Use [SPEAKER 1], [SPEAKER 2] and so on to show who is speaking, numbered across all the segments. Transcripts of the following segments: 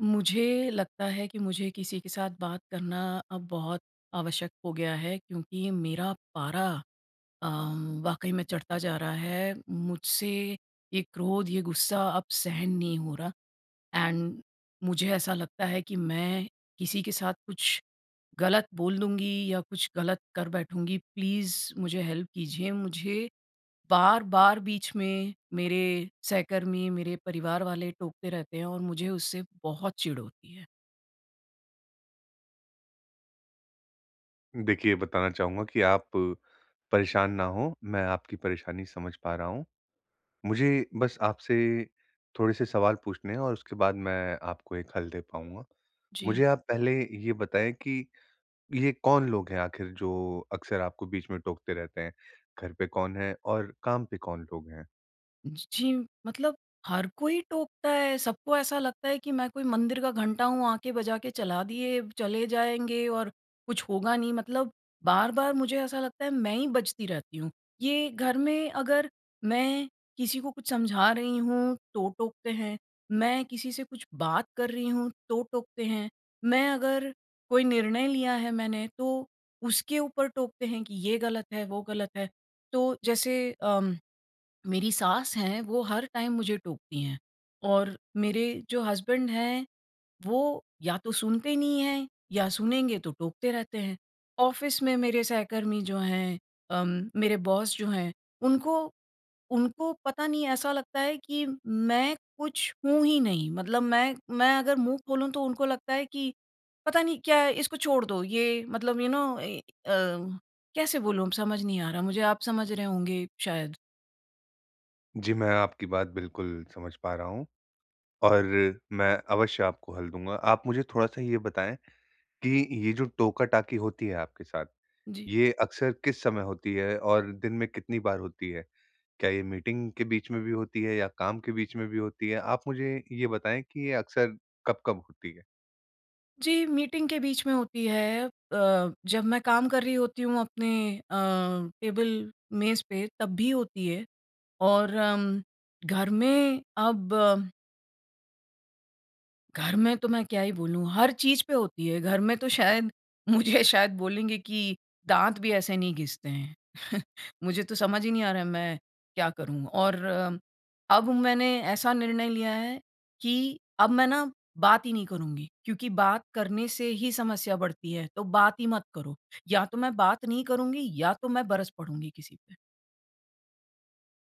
[SPEAKER 1] मुझे लगता है कि मुझे किसी के साथ बात करना अब बहुत आवश्यक हो गया है क्योंकि मेरा पारा अ, वाक़ई में चढ़ता जा रहा है। मुझसे ये क्रोध, ये गुस्सा अब सहन नहीं हो रहा। एंड मुझे ऐसा लगता है कि मैं किसी के साथ कुछ ग़लत बोल दूँगी या कुछ ग़लत कर बैठूँगी, प्लीज़ मुझे हेल्प कीजिए, मुझे बार-बार बीच में मेरे सहकर्मी, मेरे परिवार वाले टोकते रहते हैं और मुझे उससे बहुत चिढ़ होती है।
[SPEAKER 2] देखिए, ये बताना चाहूँगा कि आप परेशान ना हो, मैं आपकी परेशानी समझ पा रहा हूँ। मुझे बस आपसे थोड़े-से सवाल पूछने हैं और उसके बाद मैं आपको एक हल दे पाऊँगा।
[SPEAKER 1] जी।
[SPEAKER 2] मुझे आप पहले ये बताएँ कि ये कौन लोग हैं आख़िर जो अक्सर आपको बीच में टोकते रहते हैं, घर पे कौन है और काम पे कौन लोग हैं?
[SPEAKER 1] ज जी, मतलब हर कोई टोकता है, सबको ऐसा लगता है कि मैं कोई मंदिर का घंटा हूँ आके बजा के चला दिए, चले जाएँगे और कुछ होगा नहीं मतलब बार-बार मुझे ऐसा लगता है, मैं ही बजती रहती हूँ। ये घर में अगर मैं किसी को कुछ समझा रही हूँ, तो टोकते हैं, मैं किसी से कुछ बात कर रही हूँ, तो टोकते हैं। मैं अगर कोई निर्णय लिया है मैंने तो उसके ऊपर टोकते हैं कि ये ग़लत है, वो ग़लत है। तो, जैसे अम, मेरी सास हैं, वो हर टाइम मुझे टोकती हैं, और मेरे जो हसबैंड हैं, वो या तो सुनते ही नहीं हैं या सुनेंगे तो टोकते रहते हैं। ऑफ़िस में मेरे सहकर्मी जो हैं अम, मेरे बॉस जो हैं, उनको उनको पता नहीं ऐसा लगता है कि मैं कुछ हूँ ही नहीं। मतलब मैं मैं अगर मुँह खोलूँ, तो उनको लगता है कि पता नहीं क्या, इसको छोड़ दो ये मतलब यू नो ए, अ, कैसे बोलूँ अब समझ नहीं आ रहा मुझे आप समझ रहे होंगे शायद।
[SPEAKER 2] जी, मैं आपकी बात बिल्कुल समझ पा रहा हूँ और मैं अवश्य आपको हल दूँगा। आप मुझे थोड़ा-सा ये बताएँ कि ये जो टोका-टाकी होती है आपके साथ,
[SPEAKER 1] जी।
[SPEAKER 2] ये अक्सर किस समय होती है और दिन में कितनी बार होती है? क्या ये मीटिंग के बीच में भी होती है, या काम के बीच में भी होती है? आप मुझे ये बताएँ कि ये अक्सर कब-कब होती है।
[SPEAKER 1] जी, मीटिंग के बीच में होती है अ, जब मैं काम कर रही होती हूँ अपने, अ, टेबल मेज़ पे तब भी होती है और अम्म, घर में अब घर में तो मैं क्या ही बोलूँ, हर चीज़ पे होती है। घर में तो शायद मुझे शायद बोलेंगे कि दाँत भी ऐसे नहीं घिसते हैं। मुझे तो समझ ही नहीं आ रहा है, मैं क्या करूँ और अब मैंने ऐसा निर्णय लिया है कि अब मैं ना बात ही नहीं करुँगी। क्योंकि बात करने से ही समस्या बढ़ती है, तो बात ही मत करो। या तो मैं बात नहीं करुँगी या तो मैं बरस पढूँगी किसी पे।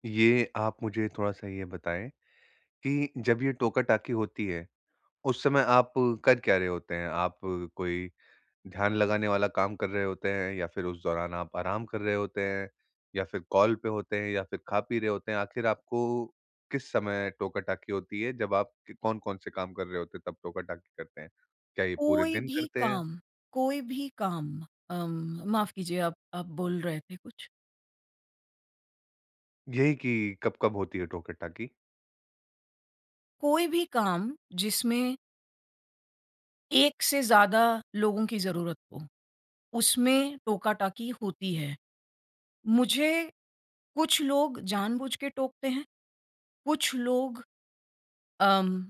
[SPEAKER 2] ये आप मुझे थोड़ा-सा ये बताएँ कि जब ये टोका-टाकी होती है, उस समय आप कर क्या रहे होते हैं? आप कोई ध्यान लगाने वाला काम कर रहे होते हैं, या फिर उस दौरान आप आराम कर रहे होते हैं? या फिर कॉल पे होते हैं, या फिर खा-पी रहे होते हैं? आख़िर आपको किस समय टोका-टाकी होती है, जब क आप कौन-कौन से काम कर रहे होते हैं तब टोका-टाकी करते हैं? क्या ये पूरे
[SPEAKER 1] कोई
[SPEAKER 2] दिन
[SPEAKER 1] भी
[SPEAKER 2] करते हैं?
[SPEAKER 1] काम, कोई भी काम अम्म, माफ़ कीजिए आप आप बोल रहे थे कुछ?
[SPEAKER 2] यही कि कब-कब होती है टोका-टाकी?
[SPEAKER 1] कोई भी काम, जिसमें 1 से ज़्यादा लोगों की ज़रूरत हो, उसमें टोका-टाकी होती है। मुझे कुछ लोग जानबूझ के टोकते हैं। कुछ लोग अम,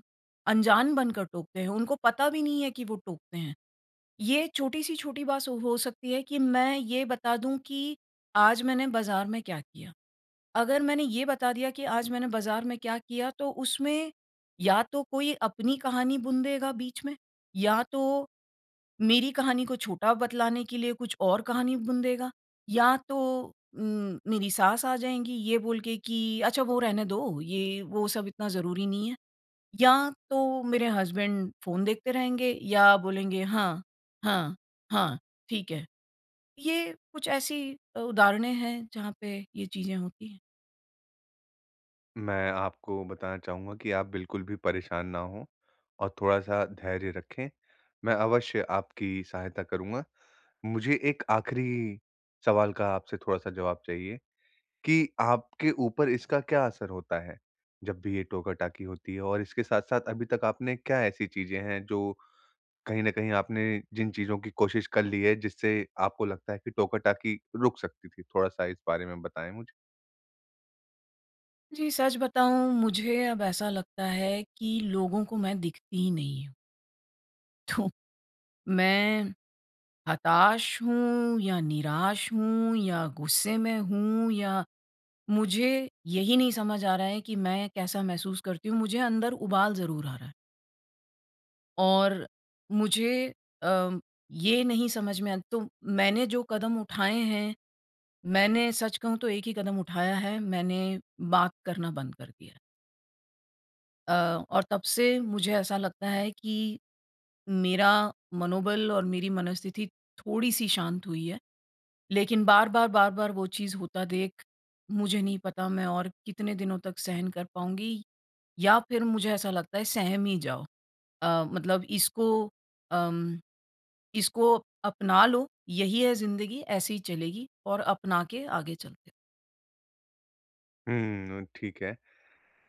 [SPEAKER 1] अनजान बनकर टोकते हैं। उनको पता भी नहीं है कि वो टोकते हैं। ये छोटी-सी छोटी बात हो सकती है कि मैं ये बता दूँ कि आज मैंने बाज़ार में क्या किया। अगर मैंने ये बता दिया कि आज मैंने बाज़ार में क्या किया, तो उसमें, या तो कोई अपनी कहानी बुन देगा बीच में, या तो मेरी कहानी को छोटा बतलाने के लिए कुछ और कहानी बुन देगा, या तो उम, मेरी सास आ जाएँगी, ये बोल के कि, "अच्छा, वो रहने दो, ये वो सब इतना ज़रूरी नहीं है।" या तो मेरे हसबैंड फ़ोन देखते रहेंगे या बोलेंगे, "हाँ, हाँ, हाँ, ठीक है।" ये कुछ ऐसी अ, उदाहरणे हैं, जहाँ पे ये चीज़ें होती हैं।
[SPEAKER 2] मैं आपको बताना चाहूँगा कि आप बिल्कुल भी परेशान ना हों और थोड़ा-सा धैर्य रखें। मैं अवश्य आपकी सहायता करूँगा। मुझे एक आख़िरी सवाल का आपसे थोड़ा-सा जवाब चाहिए कि आपके ऊपर इसका क्या असर होता है, जब भी ये टोका-टाकी होती है? और इसके साथ-साथ, अभी तक आपने क्या ऐसी चीज़ें हैं जो कहीं न कहीं आपने जिन चीज़ों की कोशिश कर ली है, जिससे आपको लगता है कि टोका-टाकी रुक सकती थी? थोड़ा-सा इस बारे में बताएँ मुझे।
[SPEAKER 1] जी, सच बताऊँ मुझे अब ऐसा लगता है कि लोगों को मैं दिखती ही नहीं हूँ। तो मैं हताश हूँ या निराश हूँ या गुस्से में हूँ या मुझे यही नहीं समझ आ रहा है कि मैं कैसा महसूस करती हूँ। मुझे अंदर उबाल ज़रूर आ रहा है। और मुझे अ, ये नहीं समझ में आ तो मैंने जो कदम उठाए हैं मैंने सच कहूँ तो 1 ही कदम उठाया है। मैंने बात करना बंद कर दिया है। अ, और तब से मुझे ऐसा लगता है कि, मेरा मनोबल और मेरी मनोस्थिति थोड़ी-सी शांत हुई है, लेकिन बार-बार, बार-बार वो चीज़ होता देख, मुझे नहीं पता मैं और कितने दिनों तक सहन कर पाऊँगी या फिर मुझे ऐसा लगता है सहम ही जाओ। अ, मतलब इसको अम, इसको अपना लो यही है जिंदगी ऐसे ही चलेगी और अपना के आगे चलते हैं।
[SPEAKER 2] हुँ, अ, ठीक है।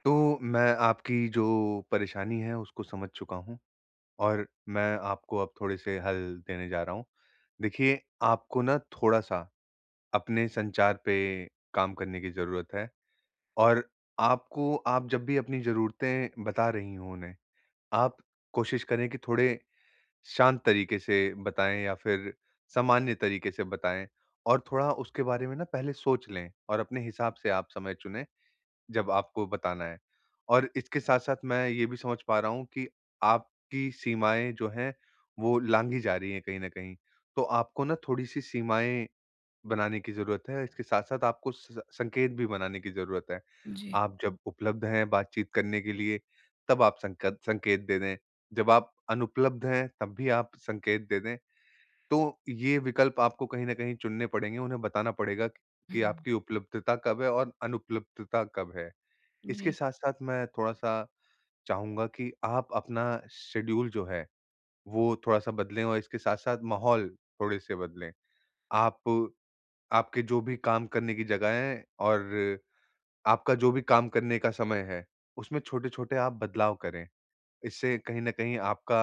[SPEAKER 2] तो मैं आपकी जो परेशानी है उसको समझ चुका हूँ, और मैं आपको अब थोड़े-से हल देने जा रहा हूँ। देखिए, आपको ना थोड़ा-सा, अपने संचार पे काम करने की ज़रूरत है। और आपको आप जब भी अपनी ज़रूरतें बता रही हो उन्हें, आप कोशिश करें की थोड़े शांत तरीके से बताएँ या फिर सामान्य तरीके से बताएँ। और थोड़ा उसके बारे में ना पहले सोच लें और अपने हिसाब से आप समय चुनें, जब आपको बताना है। और इसके साथ-साथ मैं ये भी समझ पा रहा हूँ कि आपकी सीमाएँ जो हैं, वो लाँघी जा रही है कहीं न कहीं, तो आपको ना थोड़ी-सी सीमाएँ बनाने की ज़रूरत है, इसके साथ-साथ आपको उस संकेत भी बनाने की ज़रूरत है।
[SPEAKER 1] जी।
[SPEAKER 2] आप जब उपलब्ध हैं बातचीत करने के लिए, तब आप संकद संकेत दे दें, जब आप अनुपलब्ध हैं, तब भी आप संकेत दे दें, तो ये विकल्प आपको कहीं न कहीं चुनने पड़ेंगे, उन्हें बताना पड़ेगा कि
[SPEAKER 1] हुँ।
[SPEAKER 2] आपकी उपलब्धता कब है और अनुपलब्धता कब है। इसके
[SPEAKER 1] जी।
[SPEAKER 2] साथ-साथ मैं थोड़ा-सा चाहूँगा कि आप अपना शेड्यूल जो है, वो थोड़ा-सा बदलें और इसके साथ-साथ माहौल थोड़े-से बदलें। आप आपके जो भी काम करने की जगह है और आपका जो भी काम करने का समय है, उसमें छोटे-छोटे आप बदलाव करें, इससे कहीं न कहीं आपका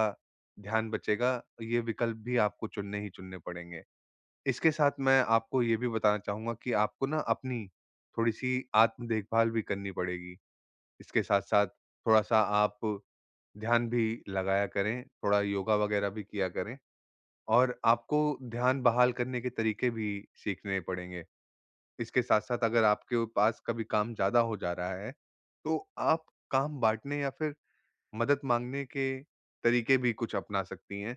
[SPEAKER 2] ध्यान बचेगा, ये विकल्प भी आपको चुनने ही चुनने पड़ेंगे। इसके साथ मैं आपको ये भी बताना चाहूँगा कि आपको ना अपनी, थोड़ी-सी आत्म देखभाल भी करनी पड़ेगी, इसके साथ-साथ थोड़ा-सा आप ध्यान भी लगाया करें, थोड़ा योगा वग़ैरह भी किया करें और आपको ध्यान बहाल करने के तरीके भी सीखने पड़ेंगे। इसके साथ-साथ अगर आपके पास कभी काम ज़्यादा हो जा रहा है, तो आप काम बाँटने या फिर मदद माँगने के तरीके भी कुछ अपना सकती हैं।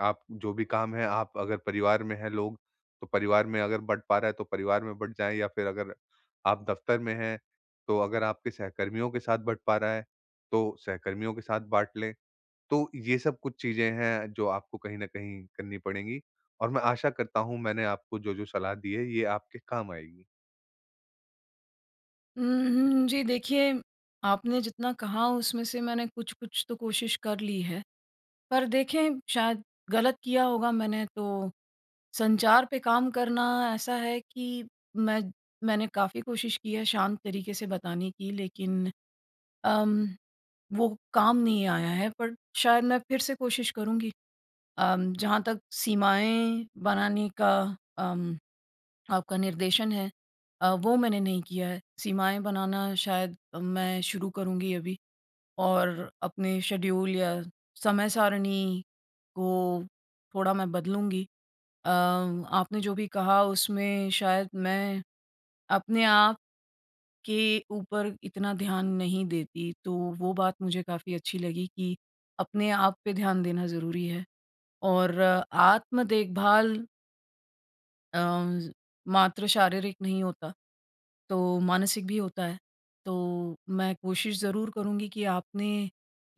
[SPEAKER 2] आप जो भी काम है, आप अगर परिवार में हैं लोग, तो परिवार में अगर बँट पा रहा है तो परिवार में बँट जाए या फिर अगर आप दफ्तर में हैं, तो अगर आपके सहकर्मियों के साथ बँट पा रहा है, तो सहकर्मियों के साथ बाँट लें। तो ये सब कुछ चीज़ें हैं जो आपको कहीं न कहीं करनी पड़ेंगी और मैं आशा करता हूँ मैंने आपको जो-जो सलाह दी है ये आपके काम आएगी।
[SPEAKER 1] उम, हम्म। जी देखिए, आपने जितना कहा उसमें से मैंने कुछ-कुछ तो कोशिश कर ली है। पर देखें शायद ग़लत किया होगा मैंने तो संचार पे काम करना ऐसा है कि मैं मैंने काफ़ी कोशिश की है शांत तरीके से बताने की लेकिन अम, वो काम नहीं आया है पर शायद मैं फ़िर से कोशिश करूँगी। अम, जहाँ तक सीमाएँ बनाने का अम, आपका निर्देशन है अ, वो मैंने नहीं किया है सीमाएँ बनाना शायद मैं शुरू करूँगी अभी। और अपने शेड्यूल या समय-सारिणी को थोड़ा मैं बदलूँगी। अम, आपने जो भी कहा उसमें शायद मैं अपने आप के ऊपर इतना ध्यान नहीं देती तो वो बात मुझे काफ़ी अच्छी लगी कि अपने आप पे ध्यान देना ज़रूरी है और आत्म-देखभाल अम, ज़ मात्र शारीरिक नहीं होता तो मानसिक भी होता है। तो मैं कोशिश ज़रूर करूँगी कि आपने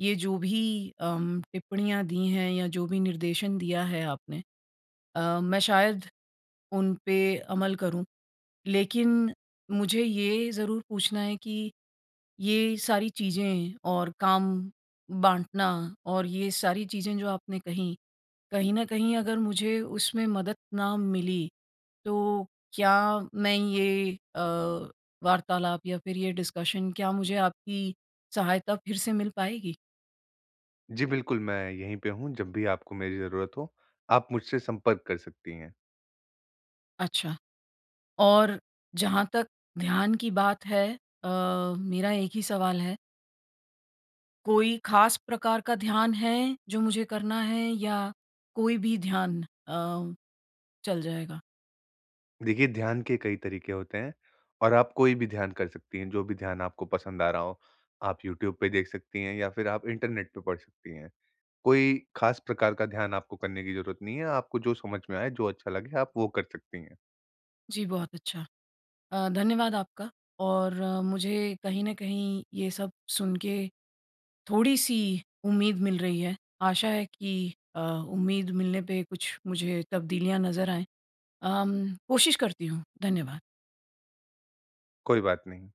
[SPEAKER 1] ये जो भी अम, टिप्पणियाँ दी हैं या जो भी निर्देशन दिया है आपने अ, मैं शायद उन पे अमल करूँ। लेकिन मुझे ये ज़रूर पूछना है कि ये सारी चीज़ें और काम बाँटना और ये सारी चीज़ें जो आपने कहीं, कहीं न कहीं अगर मुझे उसमें मदद ना मिली तो क्या मैं ये अ, वार्तालाप या फ़िर ये डिस्कशन क्या मुझे आपकी सहायता फ़िर से मिल पाएगी?
[SPEAKER 2] जी बिल्कुल, मैं यहीं पे हूँ, जब भी आपको मेरी ज़रूरत हो आप मुझसे संपर्क कर सकती हैं।
[SPEAKER 1] अच्छा। और जहाँ तक ध्यान की बात है अ, मेरा 1 ही सवाल है। कोई ख़ास प्रकार का ध्यान है जो मुझे करना है या कोई भी ध्यान अ, चल जाएगा?
[SPEAKER 2] देखिए, ध्यान के कई तरीके होते हैं। और आप कोई भी ध्यान कर सकती हैं, जो भी ध्यान आपको पसंद आ रहा हो। आप यूट्यूब पे देख सकती हैं या फ़िर आप इंटरनेट पे पढ़ सकती हैं। कोई ख़ास प्रकार का ध्यान आपको करने की ज़रूरत नहीं है। आपको जो समझ में आए, जो अच्छा लगे आप वो कर सकती हैं।
[SPEAKER 1] जी, बहुत अच्छा। अ, धन्यवाद आपका और मुझे कहीं न कहीं ये सब सुन के थोड़ी-सी उम्मीद मिल रही है। आशा है कि अ, उम्मीद मिलने पे कुछ मुझे तब्दीलियाँ नज़र आएँ। अम, कोशिश करती हूँ। धन्यवाद।
[SPEAKER 2] कोई बात नहीं।